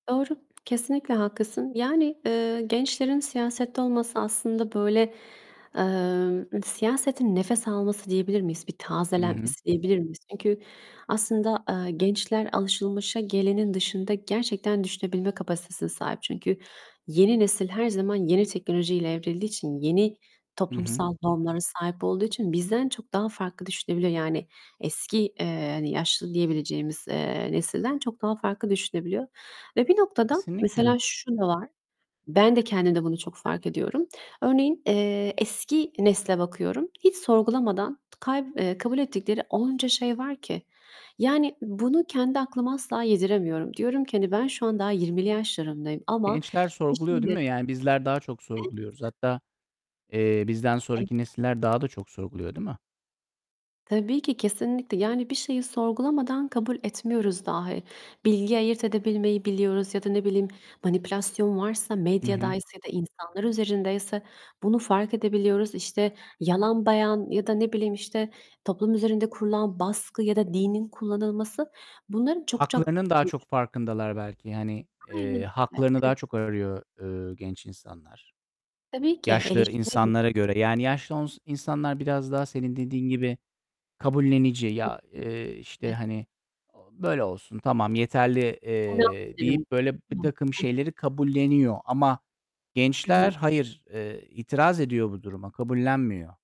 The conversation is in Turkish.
Doğru, kesinlikle haklısın. Yani, eee, gençlerin siyasette olması aslında böyle, emm, siyasetin nefes alması diyebilir miyiz? Bir I hı. tazelenmesi diyebilir miyiz? Çünkü aslında, eee, gençler alışılmışa gelenin dışında gerçekten düşünebilme kapasitesine sahip. Çünkü yeni nesil her zaman yeni teknolojiyle evrildiği için, yeni Hı hı. toplumsal normlara sahip olduğu için bizden çok daha farklı düşünebiliyor. Yani, eski, eee, hani, yaşlı diyebileceğimiz, eee, nesilden çok daha farklı düşünebiliyor. Ve bir noktada, Kesinlikle. mesela şu da var; -ben de kendimde bunu çok fark ediyorum örneğin, eee, eski nesle bakıyorum, hiç sorgulamadan kay eee, kabul ettikleri onca şey var ki. Yani, bunu kendi aklıma asla yediremiyorum. Diyorum ki, hani, ben şu an daha 20'li yaşlarımdayım ama Gençler bir sorguluyor, değil şeyle mi? Yani, bizler daha çok Evet. sorguluyoruz. Hatta, eee, bizden sonraki nesiller daha da çok sorguluyor, değil mi? Tabii ki. Kesinlikle. Yani, bir şeyi sorgulamadan kabul etmiyoruz dahi. Bilgi ayırt edebilmeyi biliyoruz. Ya da ne bileyim, manipülasyon varsa, Hı hı. medyadaysa ya da insanlar üzerindeyse bunu fark edebiliyoruz. İşte, yalan beyan ya da ne bileyim, işte, toplum üzerinde kurulan baskı ya da dinin kullanılması... Bunların çok çok, Haklarının daha hani, ç çok farkındalar belki. Hani, Aynen eee, öyle. haklarını daha [unintelligible] çok arıyor, eee, genç insanlar, Tabii ki yaşlı eleştiririm. insanlara göre. Yani, yaşlı ons insanlar biraz daha senin dediğin gibi kabullenici. Ya, eee, işte, Evet. hani, "Böyle olsun, tamam, yeterli," eee, deyip, böyle, birtakım [unintelligible] şeyleri kabulleniyor. Ama I gençler hı. hayır, eee, itiraz ediyor bu duruma, kabullenmiyor.